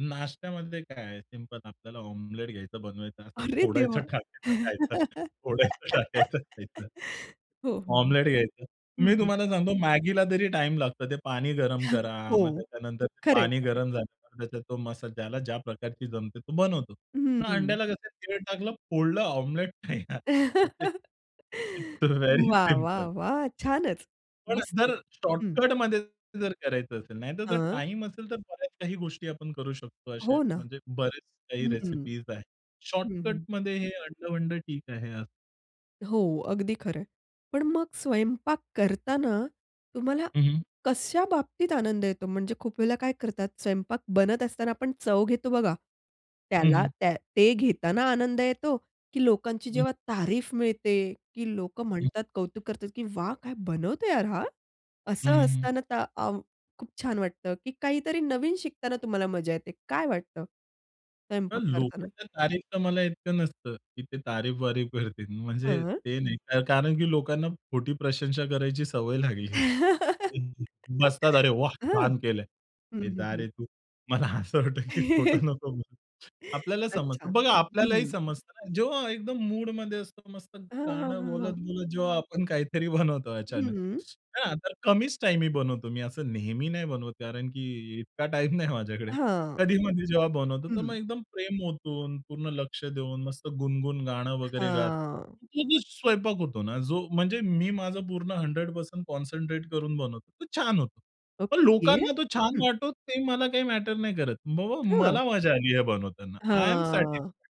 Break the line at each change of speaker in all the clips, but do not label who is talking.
नाश्त्यामध्ये काय आहे, सिंपल आपल्याला ऑमलेट घ्यायचं बनवायचं. असं
अरे
फोडायचं
देवा!
टाकायचं खायचं. फोडायचं टाकायचं खायचं.
हो, हो, हो.
ऑमलेट घ्यायचं. मी
हं.
तुम्हाला सांगतो मॅगीला तरी टाईम लागतं. ते पाणी गरम करा,
हो.
मग त्याच्यानंतर
खरं
पाणी
आहे ते.
गरम झालं त्याच्यात तो मसाला. ज्याला ज्या प्रकारची जमते तो बनवतो. पण
हं.
अंड्याला कसं तेल टाकलं, फोडलं ऑमलेट तयार. ते इट्स व्हेरी
वाह वाह
सिंपल.
वाह! छानच.
पण
मस्त.
जर
हं.
शॉर्टकटमध्ये जर करायचं असेल. नाहीतर जर
हां.
टाईम असेल तर बऱ्याच काही गोष्टी आपण करू शकतो. अशे
हो ना.
म्हणजे बरेच काही
हं.
रेसिपीज आहेत.
हं, हं.
शॉर्टकटमध्ये हे अंड-वंड ठीक आहे यार.
हो अगदी खरं आहे. पण मग स्वयंपाक करतांना तुम्हाला
हं.
कशा बाबतीत आनंद येतो? म्हणजे खूप वेळेला काय करतात स्वयंपाक बनत असताना आपण चव घेतो बघा.
हं,
त्याला
हं.
त्या ते घेताना आनंद येतो की लोकांची
हं.
जेव्हा तारीफ मिळते की लोकं
हं.
म्हणतात, कौतुक करतात की "वाह! काय बनवतोय यार हा!"
हं,
असं
हं, हं.
असताना ता अ, खूप छान वाटतं की काहीतरी नवीन शिकताना तुम्हाला मजा येते? काय वाटतं,
तर
स्वयंपाक करतांना?
लोकांच्या तारीफ तर मला इतकं नसतं, की ते तारीफ-वारीफ करतील. म्हणजे
हं.
ते नाही कारण की लोकांना खोटी प्रशंसा करायची सवय लागली आहे. तर ते बसतात, "अरे वाह!
हां. हं,
छान केलं आहे." "ए
हं,
जा
हं.
रे तू, मला असं वाटतं की खोटं नको म्हणू." आपल्याला समजतं.
अच्छा,
बघा आपल्यालाही
हं.
समजतं. जेव्हा एकदम मूडमध्ये असं मस्त
हां, हां,
गाणं
हां, हां.
बोलत-बोलत जेव्हा आपण काहीतरी बनवतो
हं,
अचानक.
हं.
हां. तर कमीच टाइम मी बनवतो. मी असं नेहमी नाही बनवत कारण की इतका टाईम नाही माझ्याकडे.
हां.
कधी मधi जेव्हा बनवतो. तर मग
हं.
एकदम प्रेम ओतून, पूर्ण लक्ष देऊन, मस्त गुणगण गाणं वगैरे गात.
हां.
ती जी स्वयंपाक होतो ना, जो म्हणजे मी माझं पूर्ण 100% कॉन्सन्ट्रेट करून बनवतो, तो छान होतो. पण
ओके.
लोकांना तो छान
हं.
वाटतो ते मला काही मॅटर नाही करत. बाबा
हां.
मला मजा आली आहे बनवताना. आय एम
हां.
सॅटिस्फायड.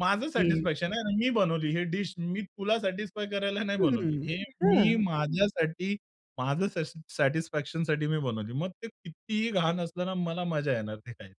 माझं सॅटिस्फॅक्शन आहे. मी बनवली हे डीश. मी तुला सॅटिस्फाय करायला नाही बनवली.
हं.
हे मी
हां.
माझ्यासाठी, माझं सश सॅटिस्फॅक्शनसाठी मी बनवली. मग ते कितीही घाण असलं ना, मला मजा येणार ते खायला.